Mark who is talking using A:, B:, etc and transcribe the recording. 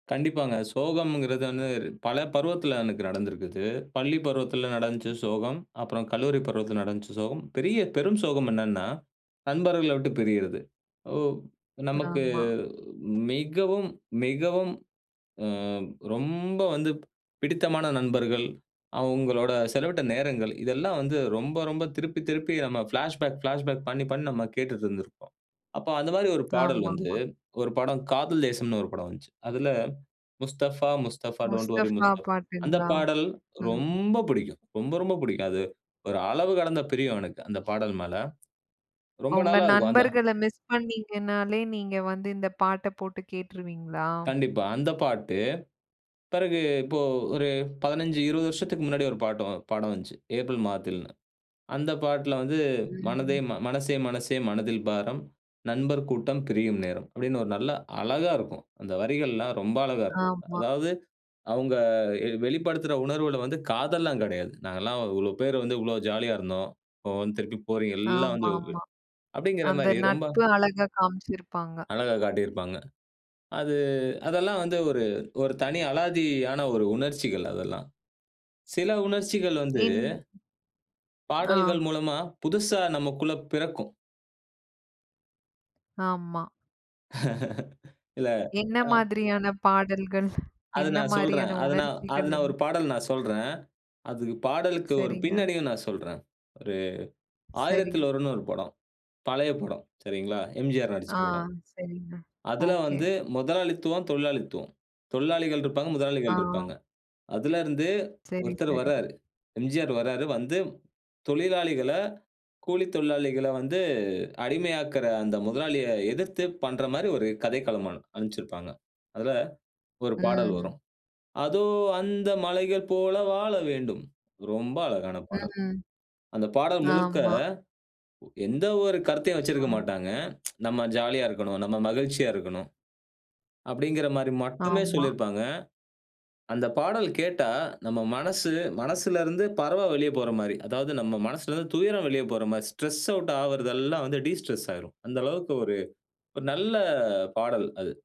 A: கண்டிப்பாங்க. சோகம்ங்கிறது வந்து பல பருவத்தில எனக்கு நடந்திருக்குது. பள்ளி பருவத்தில நடந்துச்சு
B: ம், ம்.
A: சோகம். அப்புறம் கல்லூரி பருவத்தில நடந்துச்சு சோகம். பெரிய பெரும் சோகம் என்னான்னா, நண்பர்கள விட்டு பிரியிறது. ஓ! நமக்கு
B: ஆமா.
A: மிகவும் மிகவும், ஆ ரொம்ப வந்து பிடித்தமான நண்பர்கள், அவுங்களோட செலவிட்ட நேரங்கள், இதெல்லாம் வந்து ரொம்ப ரொம்ப திருப்பி திருப்பி நம்ம பிளாஷ்பேக் பிளாஷ்பேக் பண்ணி பண்ணி நம்ம கேட்டுட்டுருந்திருப்போம். அப்போ அந்த மாரி ஒரு பாடல் வந்து
B: ஆமாமா.
A: ஒரு படம், காதல் தேசம்ன்னு ஒரு படம் வந்துச்சு. அதுல "முஸ்தபா முஸ்தபா டோன்ட் வொரி
B: முஸ்தஃபா
A: முஸ்தபா"அந்த
B: பாட்டுங்களா?
A: பாடல்
B: ம்.
A: ரொம்ப புடிக்கும். ரொம்ப ரொம்ப புடிக்கும். அது ஒரு அளவு கடந்த பிரியும் எனக்கு. அந்த பாடல் மேல. ரொம்ப
B: உங்க
A: நல்லா இருக்கும். அந்த
B: நண்பர்கள மிஸ் பண்ணீங்கனாலே, நீங்க வந்து இந்த பாட்ட போட்டு கேட்ருவீங்களா?
A: கண்டிப்பா. அந்த பாட்டு, பிறகு இப்போ ஒரு 15, 20 வருஷத்துக்கு முன்னாடி ஒரு பாட்டு படம் வந்துச்சு. ஏப்ரல் மாதத்தில்ன்னு. அந்த பாட்ல வந்து மனதே
B: ம்.
A: "மனசே மனசே, மனதில் பாரம், நண்பர் கூட்டம் பிரியும் நேரம்" அப்படின்னு ஒரு நல்லா அழகா இருக்கும். அந்த வரிகள்லாம் ரொம்ப அழகா இருக்கும்.
B: ஆமா.
A: அதாவது அவுங்க எ வெளிப்படுத்துற உணர்வுகள வந்து, காதல்லாம் கெடையாது. "நாங்கெல்லாம் இவ்வளளோ பேர் வந்து, இவ்வளோ ஜாலியா இருந்தோம். இப்போ வந்து திருப்பி போறீ எல்லாம்
B: ஆமா
A: வந்து"
B: ஆமா.
A: அப்படிங்கிற
B: அந்த
A: மாரி, ரொம்ப
B: நட்பு அழகா காமிச்சிருப்பாங்க.
A: அழகா காட்டிருப்பாங்க. அது அதெல்லாம் வந்து ஒரு ஒரு தனி அலாதியான ஒரு உணர்ச்சிகள், அதெல்லாம். சில உணர்ச்சிகள் வந்து,
B: என் ஆ,
A: பாடல்கள் மூலமா புதுசா நமக்குள்ள பிறக்கும்.
B: ஆமா.
A: இல்ல
B: என்ன
A: அ.
B: மாதிரியான பாடல்கள்?
A: அது
B: என்ன
A: நான்
B: மாரியான
A: சொல்றேன். அது நான் அது
B: உணர்ச்சிகள்
A: நான்
B: உங்க
A: ஒரு பாடல் நான் சொல்றேன். அதுக்கு பாடலுக்கு ஒரு
B: சரிங்க.
A: பின்னணியும் நான் சொல்றேன். ஒரு
B: சரி.
A: ஆயிரத்தில் ஒருவன்ன்னு ஒரு படம். பழைய படம், சரிங்களா? எம்ஜிஆர் நடிச்ச
B: ஆ
A: படம்.
B: சரிங்க,
A: அதில
B: ஓகே.
A: வந்து முதலாளித்துவம், தொழிலாளித்துவம். தொழிலாளிகள் இருப்பாங்க,
B: ஆ.
A: முதலாளிகள் இருப்பாங்க. அதுல இருந்து
B: சரி
A: ஒருத்தர்
B: சரி.
A: வராரு. எம்ஜிஆர் வராரு, வந்து தொழிலாளிகள, கூலித் தொழிலாளிகள வந்து அடிமையாக்கிற அந்த முதலாளிய எதிர்த்து பண்ற மாரி ஒரு கதைக்களமா அத அமைச்சிருப்பாங்க. அதில ஒரு பாடல்
B: ம்.
A: வரும். "அதோ அந்த பறவை போல வாழ வேண்டும்" ரொம்ப அழகான பாடல்.
B: ம்,
A: அந்த பாடல் முழுக்க
B: ஆமா.
A: எந்த ஒரு கருத்தையும் வச்சிருக்க
B: ம்.
A: மாட்டாங்க. "நம்ம ஜாலியா இருக்கணும், நம்ம மகிழ்ச்சியா இருக்கணும்" அப்டிங்குற மாரி மட்டுமே
B: ஆமா.
A: சொல்லியிருப்பாங்க. அந்த பாடல் கேட்டா நம்ம மனசு, மனசுல இருந்து பறவ வெளிய போற மாதிரி, அதாவது நம்ம மனசுல இருந்து துயரம் வெளிய போற மாரி, ஸ்ட்ரெஸ் அவுட் ஆவுறதெல்லாம் வந்து டிஸ்ட்ரெஸ் ஆயிரும். அந்த அளவுக்கு ஒரு, ஒரு நல்ல பாடல் அது.